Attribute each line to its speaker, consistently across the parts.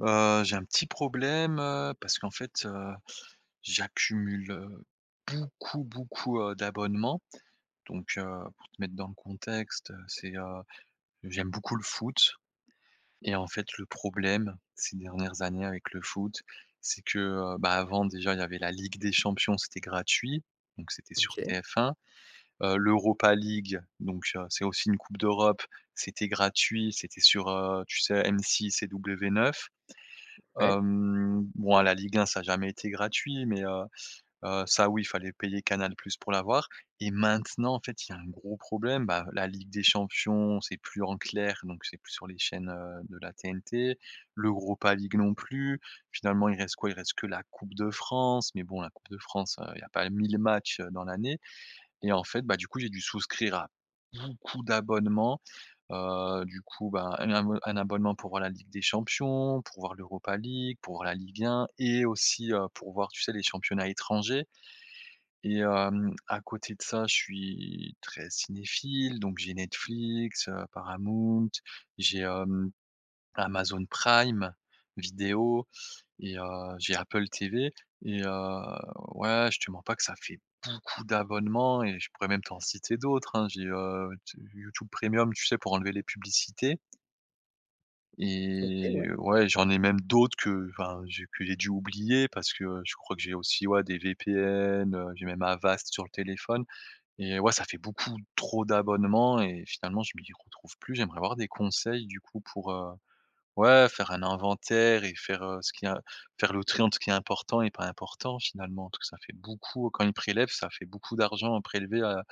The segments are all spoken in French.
Speaker 1: Heu, j'ai un petit problème, heu, parce qu'en fait, heu, j'accumule, heu, beaucoup, beaucoup, heu, d'abonnements donc heu, pour te mettre dans le contexte, heu, c'est, heu, j'aime beaucoup le foot, et en fait le problème, ces dernières années avec le foot, c'est que, heu, bah, avant déjà, il y avait la Ligue des Champions. C'était gratuit, donc c'était sur
Speaker 2: OK.
Speaker 1: TF1, heu, l'Europa League, donc heu, c'est aussi une coupe d'Europe, c'était gratuit. C'était sur, heu, tu sais? M6 et W9.
Speaker 2: Ouais.
Speaker 1: Hem, bon la Ligue 1, ça a jamais été gratuit mais heu, heu, ça oui fallait payer Canal + pour l'avoir, et maintenant, en fait, il y a un gros problème, bah, la Ligue des Champions, c'est plus en clair, donc c'est plus sur les chaînes, heu, de la TNT. L'Europa League non plus. Finalement, il reste quoi? Il reste que la Coupe de France, mais bon la Coupe de France, heu, il y a pas 1000 matchs, heu, dans l'année, et en fait, bah du coup, j'ai dû souscrire à beaucoup d'abonnements, heu, du coup bah un abonne un abonnement pour voir la Ligue des Champions, pour voir l'Europa League, pour voir la Ligue 1 et aussi, heu, pour voir, tu sais? Les championnats étrangers, et hem, à côté de ça, je suis très cinéphile, donc j'ai Netflix, heu, Paramount, j'ai, hem, Amazon Prime Vidéo et heu, j'ai Apple TV, et heu, ouais je te mens pas que ça fait beaucoup d'abonnements et je pourrais même t'en citer d'autres hein. J'ai, heu, YouT YouTube Premium, tu sais? Pour enlever les publicités.
Speaker 2: OK,
Speaker 1: Et
Speaker 2: ouais.
Speaker 1: ouais, j'en ai même d'autres qu'enfin, j'ai pu j'ai dû oublier parce que, heu, je crois que j'ai aussi, ouais, des VPN, heu, j'ai même Avast sur le téléphone et heu, ouais, ça fait beaucoup trop d'abonnements et finalement, je m'y retrouve plus. J'aimerais avoir des conseils, du coup, pour, heu, ouais, faire un inventaire et faire, heu, ce qui est im faire le tri entre ce qui est important et pas important finalement. En tout, ça fait beaucoup, heu, quand ils prélèvent, ça fait beaucoup d'argent à prélever à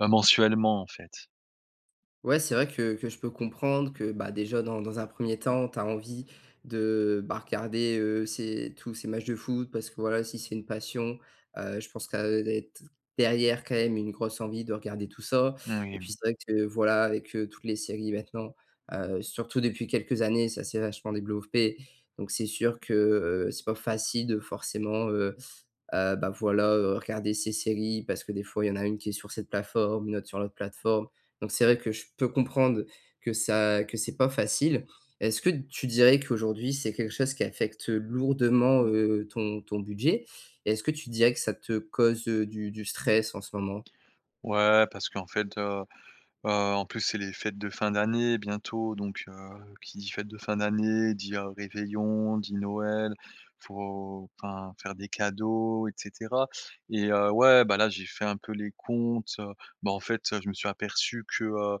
Speaker 1: ben mensuellement en fait.
Speaker 2: Ouais, c'est vrai que que je peux comprendre que, bah, déjà dans dans un 1er temps, tu as envie de, bah, regarder, heu, ces tous ces matchs de foot parce que voilà, si c'est une passion, heu, je pense qu'elle doit être derrière quand même une grosse envie de regarder tout ça
Speaker 1: Mmh,
Speaker 2: et
Speaker 1: oui,
Speaker 2: puis
Speaker 1: mmh.
Speaker 2: c'est vrai que, voilà, avec, heu, toutes les séries maintenant, heu, surtout depuis quelques années. Ça s'est vachement développé donc c'est sûr que, heu, c'est pas facile de forcément, heu, heu, bah, voilà, heu, regarder ces séries parce que des fois, il y en a une qui est sur cette plateforme, une autre sur l'autre plateforme donc c'est vrai que je peux comprendre que ça que c'est pas facile. Est-ce que tu dirais qu'aujourd'hui, c'est quelque chose qui affecte lourdement, heu, ton ton budget et est-ce que tu dirais que ça te cause, heu, du du stress en ce moment?
Speaker 1: Ouais, parce qu'en fait, heu, heu, en plus c'est les fêtes de fin d'année bientôt donc heu, qui dit: «fêtes de fin d'année» dit: «heu, réveillon», dit «Noël», faut, enfin faire des cadeaux et cetera et heu, ouais, bah, là j'ai fait un peu les comptes, heu, bah en fait, heu, je me suis aperçu que, heu,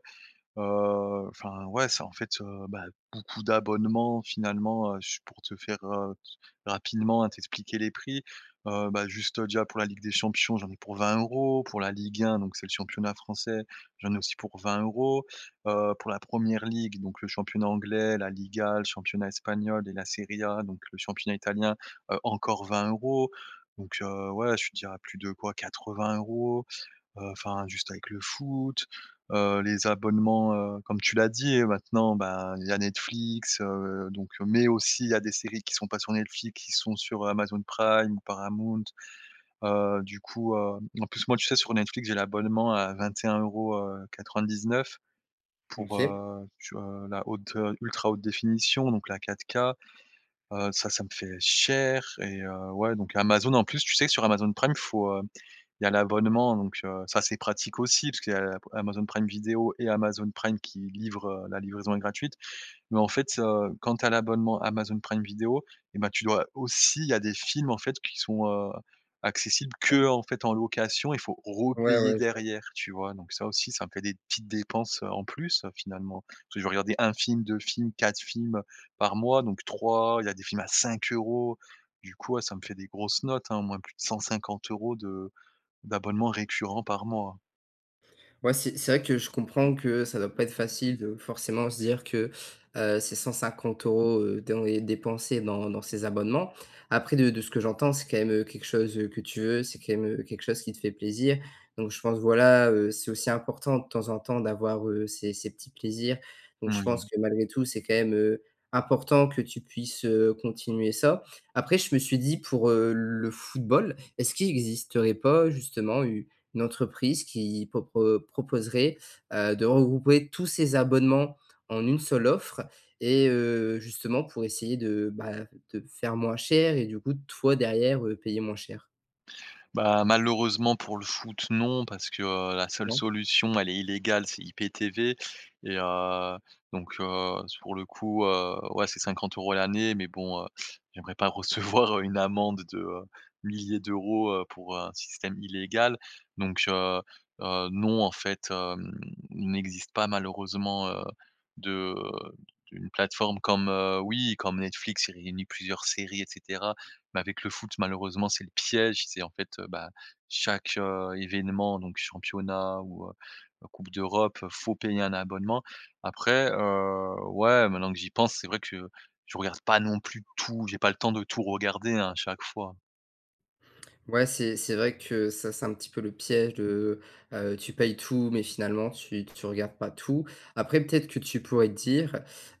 Speaker 1: heu, enfin, ouais, c'est en fait, heu, bah, beaucoup d'abonnements. Finalement, heu, juste pour te faire, heu, t rapidement, heu, t'expliquer les prix, heu, bah, juste, déjà, pour la Ligue des Champions j'en ai pour 20 €. Pour la Ligue 1, donc c'est le championnat français, j'en ai aussi pour 20 €, heu, pour la Premier League, donc le championnat anglais, La Liga, le championnat espagnol et la Serie A, donc le championnat italien, heu, encore 20 € donc heu, ouais, je te dirais plus de quoi 80 €, heu, enfin, juste avec le foot, heu, les abonnements, heu, comme tu l'as dit maintenant, ben, il y a Netflix, heu, donc heu mais aussi, il y a des séries qui sont pas sur Netflix, qui sont sur Amazon Prime ou Paramount, heu, du coup, heu, en plus moi tu sais? Sur Netflix j'ai l'abonnement à vingt et un euros, heu, quatre vingt dix neuf
Speaker 2: M
Speaker 1: pour,
Speaker 2: OK.
Speaker 1: heu, tu vois? La haute, heu, ultra haute définition donc la 4K, heu, ça, ça me fait cher et heu, ouais, donc Amazon, en plus, tu sais? Sur Amazon Prime, il faut, heu, il y a l'abonnement, donc heu, c'est assez pratique aussi, puisqu'il y a p Amazon Prime Video et Amazon Prime qui livre, heu la livraison est gratuite, mais en fait, heu, quand tu as l'abonnement Amazon Prime Video et bah, tu dois aussi, il y a des films, en fait, qui sont, heu, accessibles
Speaker 2: Ouais.
Speaker 1: qu'en fait, en location, il faut
Speaker 2: Ouais,
Speaker 1: repayer
Speaker 2: ouais, je vois.
Speaker 1: derrière, tu vois? Donc ça aussi, ça me fait des petites dépenses, heu, en plus, heu, finalement, parce que je vais regarder 1 film, 2 films, 4 films, heu, par mois, donc 3, il y a des films à 5 € du coup, ouais, ça me fait des grosses notes, hein, au moins plus de 150 € de d'abonnement récurrent par mois.
Speaker 2: Ouais, c'est c'est vrai que je comprends que ça doit pas être facile, de forcément, se dire que, heu: «C'est 150 € dans les dépensés dans dans ces abonnements». Après, de de ce que j'entends, c'est quand même, heu, quelque chose, heu, que tu veux. C'est quand même, heu, quelque chose qui te fait plaisir donc, je pense, voilà, heu, c'est aussi important, de temps en temps, d'avoir, heu, ces ces petits plaisirs. Donc, je pense
Speaker 1: Moui.
Speaker 2: que malgré tout, c'est quand même, heu, important que tu puisses, heu, continuer ça. Après, je me suis dit: «Pour, heu, le football, est-ce qu'il existerait pas, justement, une entreprise qui propro proposerait, heu, de regrouper tous ces abonnements en une seule offre?» et heu, justement, pour essayer de, bah, de faire moins cher, et du coup, toi, derrière, heu, payer moins cher?
Speaker 1: Bah, malheureusement pour le foot, non, parce que, heu, la seule
Speaker 2: Non?
Speaker 1: solution, elle est illégale, c'est IPTV et heu, donc heu, sur le coup, heu, ouais, c'est 50 € l'année mais bon, heu, j'aimerais pas recevoir, heu, une amende de, heu, milliers d'euros, heu, pour un système illégal. Donc, heu heu, non, en fait il n'existe pas malheureusement, heu, de, heu d'une plateforme comme, heu oui, comme Netflix. Il réunit plusieurs séries et cetera mais avec le foot, malheureusement, c'est le piège. C'est en fait, heu, bah, chaque, heu, événement, donc, championnat ou, heu, coupe d'Europe, heu, faut payer un abonnement. Après, heu, ouais, maintenant que j'y pense, c'est vrai que je je regarde pas non plus tout. J'ai pas le temps de tout regarder, hein, chaque fois.
Speaker 2: Ouais, c'est c'est vrai que ça c'est un petit peu le piège de, heu, tu payes tout, mais finalement tu tu regardes pas tout. Après, peut-être que tu pourrais te dire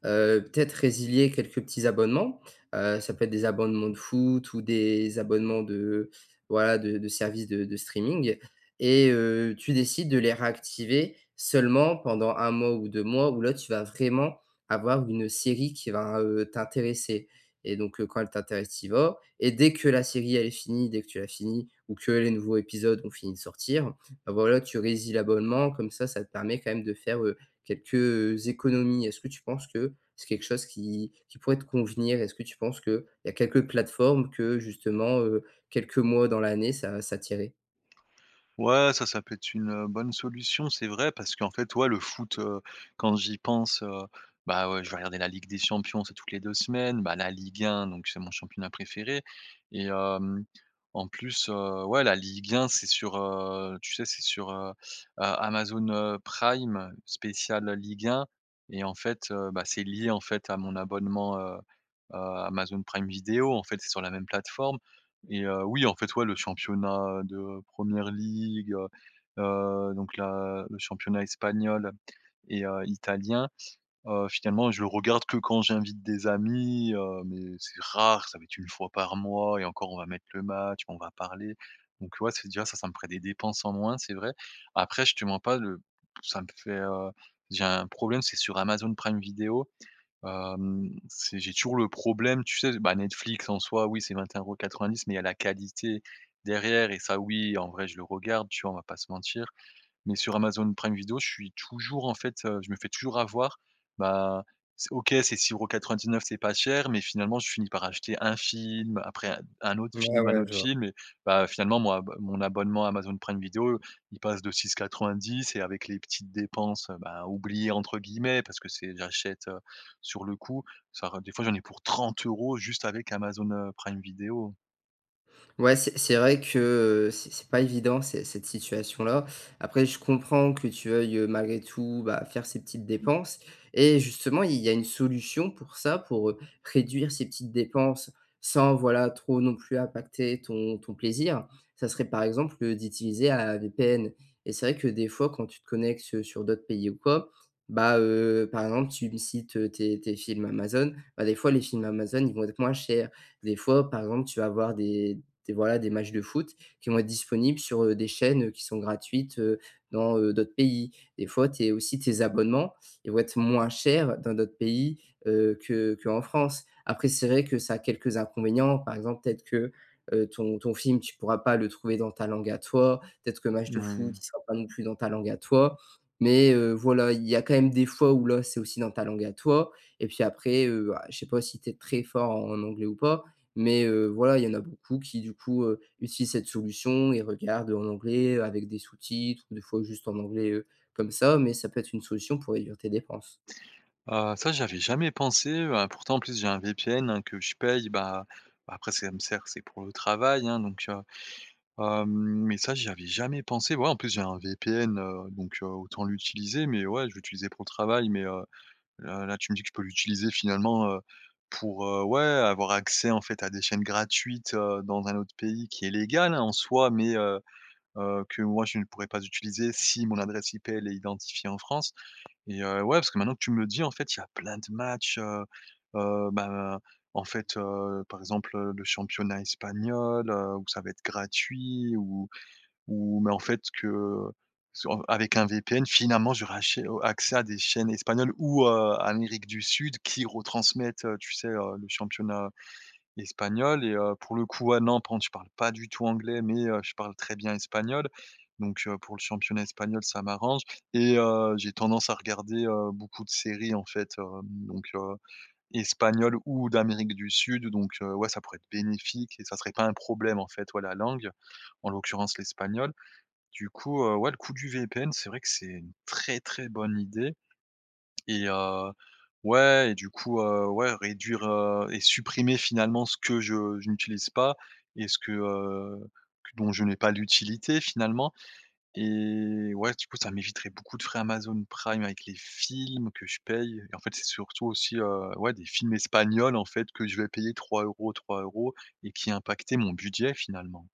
Speaker 2: heu, peut-être résilier quelques petits abonnements, heu, ça peut être des abonnements de foot ou des abonnements de, voilà, de de services de de streaming, et heu, tu décides de les réactiver seulement pendant 1 mois ou 2 mois, où là, tu vas vraiment avoir une série qui va, heu, t'intéresser, et donc heu, quand elle t'intéresse, tu y vas et dès que la série elle est finie, dès que tu l'as finie ou que les nouveaux épisodes ont fini de sortir, bah voilà, tu résilles l'abonnement, comme ça, ça te permet quand même de faire, heu, quelques, heu, économies. Est-ce que tu penses que c'est quelque chose qui qui pourrait te convenir? Est-ce que tu penses qu'il y a quelques plateformes que justement, heu, quelques mois dans l'année, ça ça t'irait?
Speaker 1: Ouais, ça, ça peut être une, heu, bonne solution. C'est vrai, parce qu'en fait, ouais, le foot, heu, quand j'y pense, heu, bah ouais, je vais regarder la Ligue des Champions, c'est toutes les 2 semaines, bah, la Ligue 1, donc, c'est mon championnat préféré et hem, en plus, heu, ouais la Ligue 1 c'est sur, heu, tu sais, c'est sur, heu heu Amazon, heu, Prime, spécial, heu, Ligue 1. Et en fait, heu, bah, c'est lié, en fait, à mon abonnement, heu heu, Amazon Prime Video, en fait, c'est sur la même plateforme et heu, oui, en fait, ouais, le championnat, heu, de Premier League, heu heu, donc la le championnat espagnol et heu, italien, heu, finalement je le regarde que quand j'invite des amis, heu, mais c'est rare, ça va être 1 fois par mois et encore, on va mettre le match, on va parler. Donc ouais, c'est déjà ça, ça me ferait des dépenses en moins, c'est vrai. Après, je te mens pas le ça me fait, heu, j'ai un problème, c'est sur Amazon Prime Video, hem, c'est j'ai toujours le problème, tu sais bah, Netflix, en soi, oui, c'est 21,90 € mais il y a la qualité derrière et ça, oui, en vrai, je le regarde, tu vois? On va pas se mentir. Mais sur Amazon Prime Video, je suis toujours, en fait, heu, je me fais toujours avoir. Bah, s OK, c'est 6,99 €, c'est pas cher, mais finalement, je finis par acheter 1 film, après un d 1 autre
Speaker 2: Ouais,
Speaker 1: film, 1
Speaker 2: ouais,
Speaker 1: autre
Speaker 2: je vois.
Speaker 1: film et bah, heu, finalement, mon abo mon abonnement Amazon Prime Video, il passe de 6,90 et avec les petites dépenses, heu, bah, «oubliées» entre guillemets, parce que, c'est j'achète, heu, sur le coup, ça re des fois, j'en ai pour 30 € juste avec Amazon, heu, Prime Video.
Speaker 2: Ouais, c'est c'est vrai que, heu, c'est c'est pas évident, c'est cette situation-là. Après, je comprends que tu veuilles, heu, malgré tout, bah, faire ces petites dépenses et justement, il y a une solution pour ça, pour, heu, réduire ces petites dépenses sans voilà, trop, non plus, impacter ton ton plaisir, ça serait, par exemple, d'utiliser, heu, un VPN et c'est vrai que des fois, quand tu te connectes, heu, sur d'autres pays ou quoi, bah, heu, par exemple, tu me cites, heu, tes tes films Amazon, bah, des fois, les films Amazon, ils vont être moins chers. Des fois, par exemple, tu vas avoir des des voilà, des matches de foot qui vont être disponibles sur, heu, des chaînes, heu, qui sont gratuites, heu, dans, heu, d'autres pays. Des fois, tes aussi, tes abonnements, ils vont être moins chers dans d'autres pays, heu, que qu'en France. Après, c'est vrai que ça a quelques inconvénients. Par exemple, peut-être que, heu, ton ton film, tu pourras pas le trouver dans ta langue à toi, peut-être que match de foot,
Speaker 1: Mmh.
Speaker 2: il sera pas non plus dans ta langue à toi, mais heu, voilà. Il y a quand même des fois où là, c'est aussi dans ta langue à toi et puis après, heu, ah, je sais pas si tu es très fort en anglais ou pas, mais heu, voilà, il y en a beaucoup qui, du coup, heu, utilisent cette solution, et regardent en anglais, heu, avec des sous-titres, ou des fois juste en anglais, heu, comme ça, mais ça peut être une solution pour réduire tes dépenses.
Speaker 1: Heu, ça j'y avais jamais pensé, heu, a pourtant, en plus, j'ai un VPN, hein, que je paye. Bah bah, après ce que ça me sert, c'est pour le travail, hein, donc, heu, hem, mais ça, j'y avais jamais pensé. Ouais, en plus, j'ai un VPN, heu, donc heu, autant l'utiliser. Mais ouais, je l'utilisais pour le travail, mais, heu heu, là, tu me dis que je peux l'utiliser finalement, heu, pour, heu ouais, avoir accès en fait à des chaînes gratuites, heu, dans un autre pays qui est légal, hein, en soi, mais heu heu, que moi, je ne pourrais pas utiliser si mon adresse IP, elle est identifiée en France. Et heu, ouais, parce que maintenant que tu me le dis, en fait, il y a plein de matches, heu heu, ben, en fait, heu, par exemple, heu, le championnat espagnol, heu, où ça va être gratuit, ou ou mais en fait, que sur avec un VPN, finalement, j'aurais achè heu, accès à des chaînes espagnoles ou, heu, Amérique du Sud, qui retransmettent, heu, tu sais, heu, le championnat espagnol et heu, pour le coup ouais, non, par contre je parle pas du tout anglais, mais heu, je parle très bien espagnol. Donc heu, pour le championnat espagnol, ça m'arrange et heu, j'ai tendance à regarder, heu, beaucoup de séries, en fait, heu, donc, heu, espagnoles ou d'Amérique du Sud, donc heu, ouais, ça pourrait être bénéfique et ça serait pas un problème, en fait, ouais, la langue, en l'occurrence, l'espagnol. Du coup, heu, ouais, le coup du VPN, c'est vrai que c'est une très très bonne idée. Et heu, ouais, et du coup, heu, ouais, réduire, heu, et supprimer, finalement, ce que je je n'utilise pas et ce que, heu, qu dont je n'ai pas l'utilité, finalement et ouais, du coup, ça m'éviterait beaucoup de frais Amazon Prime, avec les films que je paye. En fait, c'est surtout, aussi, heu, ouais, des films espagnols, en fait, que je vais payer 3 €, 3 €, et qui impactaient mon budget, finalement.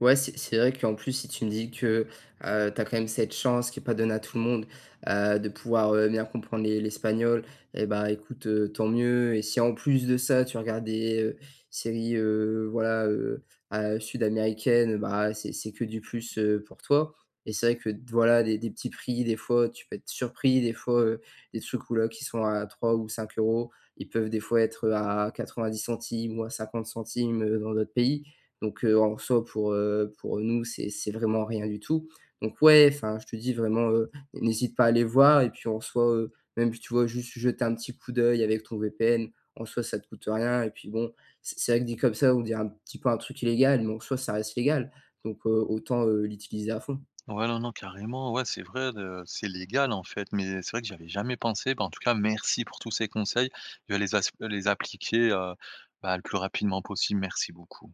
Speaker 2: Ouais, c'est c'est vrai qu'en plus, si tu me dis que, heu, tu as quand même cette chance, qui est pas donnée à tout le monde, heu, de pouvoir, heu, bien comprendre l'es l'espagnol et bah, écoute, heu, tant mieux et si, en plus de ça, tu regardes des séries, heu, voilà, heu, à sud-américaines, bah, c'est c'est que du plus, heu, pour toi. Et c'est vrai que voilà, des des petits prix, des fois, tu peux être surpris, des fois, heu, des trucs ou là, qui sont à 3 ou 5 €, ils peuvent, des fois, être, heu, à 0.90 € ou à 0.50 €, heu, dans d'autres pays donc, heu, en soi, pour, heu, pour nous, c'est c'est vraiment rien du tout donc, ouais enfin, je te dis vraiment, heu: «N'hésite pas à aller voir», et puis, en soi, heu, même si, tu vois? Juste, jeter un petit coup d'œil avec ton VPN, en soi, ça te coûte rien et puis, bon, c'est c'est vrai que, dit comme ça, on dirait un petit peu un truc illégal, mais en soi, ça reste légal donc heu, autant, heu, l'utiliser à fond.
Speaker 1: Ouais, non, non, carrément. Ouais, c'est vrai, heu, c'est légal, en fait, mais c'est vrai que j'y avais jamais pensé. Bah, en tout cas, merci pour tous ces conseils. Je vais les as les appliquer, heu, bah, le plus rapidement possible, merci beaucoup.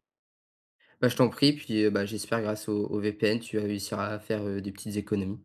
Speaker 2: Bah, je t'en prie, puis, heu, bah, j'espère grâce au au VPN, tu vas réussir à faire, heu, des petites économies.